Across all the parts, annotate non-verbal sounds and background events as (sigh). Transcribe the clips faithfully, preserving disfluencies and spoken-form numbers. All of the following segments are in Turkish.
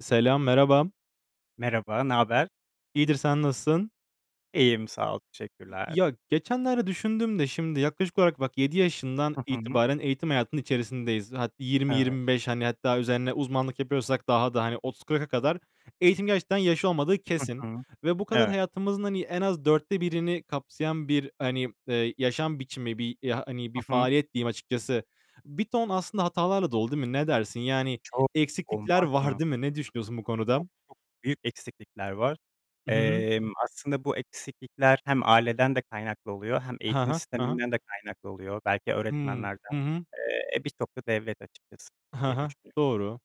Selam, merhaba. Merhaba, naber? İyidir, sen nasılsın? İyiyim sağ ol, İ teşekkürler. ya, geçenlerde düşündüm de şimdi yaklaşık olarak bak yedi yaşından Hı hı. itibaren eğitim hayatının içerisindeyiz. Hat yirmi Evet. yirmi beş, hani, hatta üzerine uzmanlık yapıyorsak daha da, hani, otuz kırka kadar. Eğitimin gerçekten yaşı olmadığı Hı kesin hı, ve bu kadar evet. hayatımızın hani en az dörtte birini kapsayan bir, hani, eee, yaşam biçimi, bir, eee, hani bir Hı hı. faaliyet diyeyim açıkçası. Bir ton aslında hatalarla dolu, değil mi? Ne dersin? Yani Çok, eksiklikler olmaz var, mı? değil mi? Ne düşünüyorsun bu Çok çok konuda? büyük eksiklikler var. I hı. Emm, aslında bu eksiklikler hem aileden de kaynaklı oluyor hem He he, eğitim he he. sisteminden de kaynaklı oluyor. Belki Hıı, öğretmenlerden. hı hı. Eee, birçok da devlet açıkçası Hı diye hı. düşünüyorum. Doğru.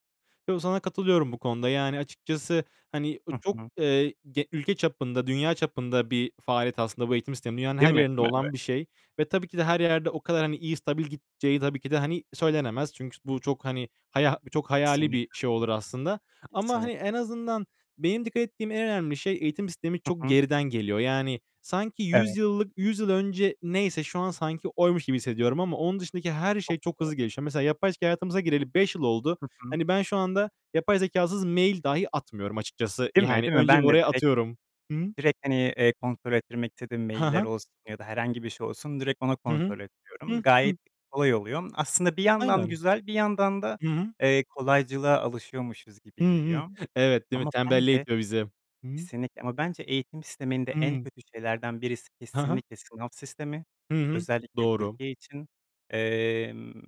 Yo, sana katılıyorum bu konuda. Yani açıkçası, hani, Hı çok, hı. eee, ge ülke çapında, dünya çapında bir faaliyet aslında bu eğitim sistemi. Dünyanın Değil her mi? yerinde Değil mi? (unintelligible) olan bir şey ve tabii ki de her yerde o kadar, hani, iyi stabil gideceği tabii ki de, hani, söylenemez. Çünkü s bu çok, hani, haya çok hayali bir Kesinlikle, şey olur aslında ama, hani, kesinlik en azından benim dikkat ettiğim en önemli şey eğitim sistemi çok Hı hı. geriden geliyor. Yani sanki yüz Evet. yıllık yüz yıl önce neyse şu an sanki oymuş gibi hissediyorum ama onun dışındaki her Çok şey çok doğru. hızlı gelişiyor. Mesela yapay zekâ hayatımıza gireli beş yıl oldu. Hı hı. Hani ben şu anda yapay zekâsız mail dahi atmıyorum açıkçası. Değil mi? Yani Değil mi? önce bir Ben de oraya direkt atıyorum. Hı hı. direkt hani, eee, kontrol ettirmek istediğim He mailler he. olsun ya da herhangi bir şey olsun direkt onu Hı hı. kontrol ettiriyorum. Hıh, hıh. Gayet kolay oluyor. Aslında bir yandan Aynen. güzel, bir yandan da, Hı hı. eee, kolaycılığa alışıyormuşuz Hı gibi hı. geliyor Evet, değil mi? ama Tembelliğe bence itiyor bizi. Hı hı. Kesinlikle ama bence eğitim sisteminde en Hıı. kötü şeylerden birisi He he. kesinlikle sınav sistemi. Hı hı. Özellikle Doğru. Türkiye için, emm,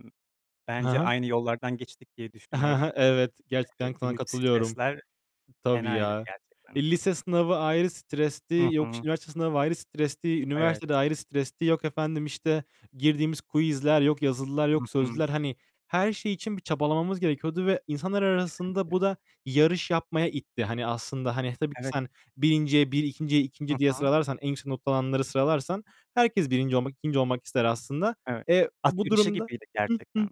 He bence he. aynı yollardan geçtik diye He he. düşünüyorum. Evet, Eee, gerçekten k sana büyük katılıyorum. stresler, Tabii fenaydı ya. gerçekten. E, lise sınavı ayrı Hı stresli. Yok, hı. işte, üniversite sınavı ayrı stresli. Evet. Üniversite de ayrı stresli. Yok efendim, işte, girdiğimiz quizler, yok yazılılar, Hı yok hı. sözlüler. Hani her şey için bir çabalamamız gerekiyordu ve insanlar arasında bu Kesinlikle. da yarış yapmaya itti. Hani, aslında, hani, tabii ki Evet. sen birinciye bir, ikinciye Hı ikinci diye hı. sıralarsan, en yüksek not alanları sıralarsan herkes birinci olmak, ikinci olmak ister aslında. Evet, E, d at bu yarışı durumda gibiydi Hı, hı, gerçekten.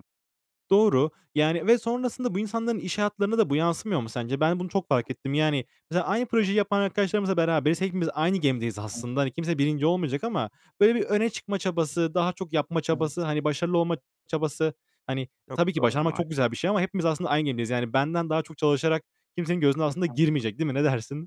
doğru. Yani ve sonrasında bu insanların iş hayatlarına da bu yansımıyor mu sence? Ben bunu çok fark ettim. Yani mesela aynı (unintelligible) projeyi yapan arkadaşlarımızla beraberiz, hepimiz aynı gemideyiz Hı. aslında. Kimse birinci olmayacak ama böyle bir öne çıkma çabası, daha çok yapma çabası, Evet. hani başarılı olma çabası Hani Çok tabii ki doğru başarmak maal çok güzel bir şey ama hepimiz aslında aynı gemideyiz. Yani benden daha çok çalışarak kimsenin gözüne Hı aslında hı. girmeyecek, değil mi? Ne dersin?